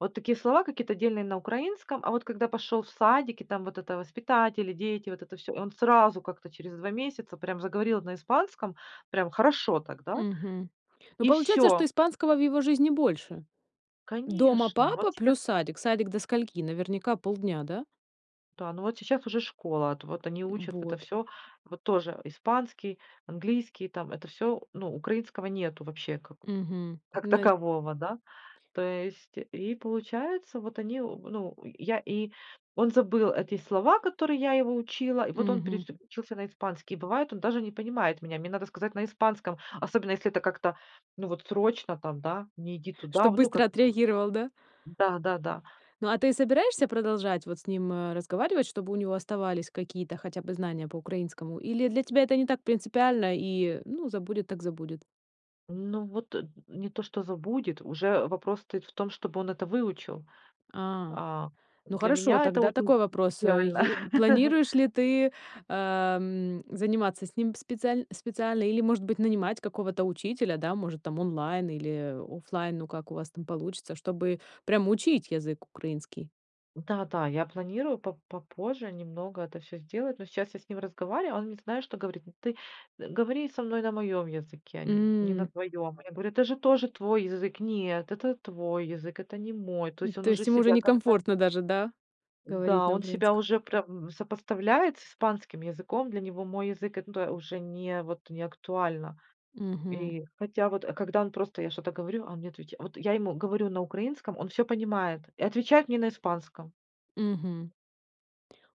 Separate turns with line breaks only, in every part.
Вот такие слова, какие-то отдельные на украинском. А вот когда пошел в садик, и там вот это воспитатели, дети, вот это всё. И он сразу как-то через 2 месяца прям заговорил на испанском, прям хорошо так, да?
Мгм. Ну,
И
получается, что
всё.
испанского в его жизни больше. Дома
Конечно,
папа
вот сейчас
плюс садик? Садик до скольки? Наверняка полдня, да?
Да, ну вот сейчас уже школа, ат вот они
М,
учат в это
вот.
всё. Вот тоже, а, испанский, английский, там это всё, ну, украинского нету вообще
Мгм,
как
на
такового, да. То есть и получается, вот они об ну, э, я и он забыл эти слова, которые я его учила, и вот он
Мгм.
переключился на испанский. Бывает, даже не понимает меня, мне надо сказать на испанском, особенно если это как-то, ну вот, срочно там, да: "Не иди туда", в
Чтобы
ну
быстро
как-то там.
отреагировал, да?
М, да-да-да.
Ну, а ты собираешься продолжать вот с ним, а, разговаривать, чтобы у него оставались какие-то хотя бы знания по украинскому, или для тебя это не так принципиально и, ну, забудет так забудет?
Ну, вот, э, м, не то что забудет, уже вопрос стоит в том, чтобы он это выучил,
А,
а.
ну
Для
хорошо,
меня это
тогда
очень
такой вопрос. Э,
реально.
е планируешь ли ты, ам, заниматься с ним специаль специально или, может быть, нанимать какого-то учителя, да, может, там, онлайн или, э, офлайн, ну, как у вас там получится, чтобы прям учить язык украинский?
Да-да, я планирую по попозже немного это всё сделать, но сейчас я с ним разговариваю, он мне знаешь, что говорит. "Ну ты говори со мной на моем языке, нь не на
М.
твоем". Я говорю: "Это же тоже твой язык". Он сказал: "Нет, это твой язык, это не мой". То
М,
есть, он
то
уже
есть им уже
себя как-то
некомфортно даже, да, говорить
Н-да,
на
он себя
украинском?
уже прям сопоставляет с испанским языком. Для него мой язык- это уже не вот не актуально
Мгм.
и Хотя, когда он я просто что-то говорю, он мне отвеча Вот я ему говорю на украинском, он всё понимает и отвечает мне на испанском.
Мгм.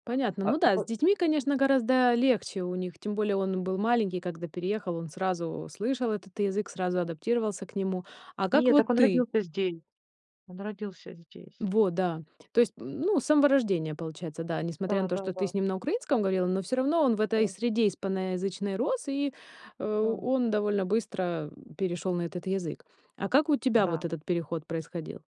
Понятно.
А а
Ну да, с
это
детьми, конечно, гораздо легче у них. Тем более, он был маленький, когда переехал, он сразу слышал этот язык, сразу адаптировался к нему. А как
Нет,
вот
так он
ты?
родился здесь. Он родился здесь.
Во, да. То есть, м, ну, с самого рождения, получается, да. Несмотря на то, что ты
Да-да-да.
с ним на украинском говорила, но всё равно он в этой
Да.
среде испаноязычной рос, и, э,
Да.
он довольно быстро, э, перешёл на этот язык. А как у тебя вот
Да.
этот переход происходил?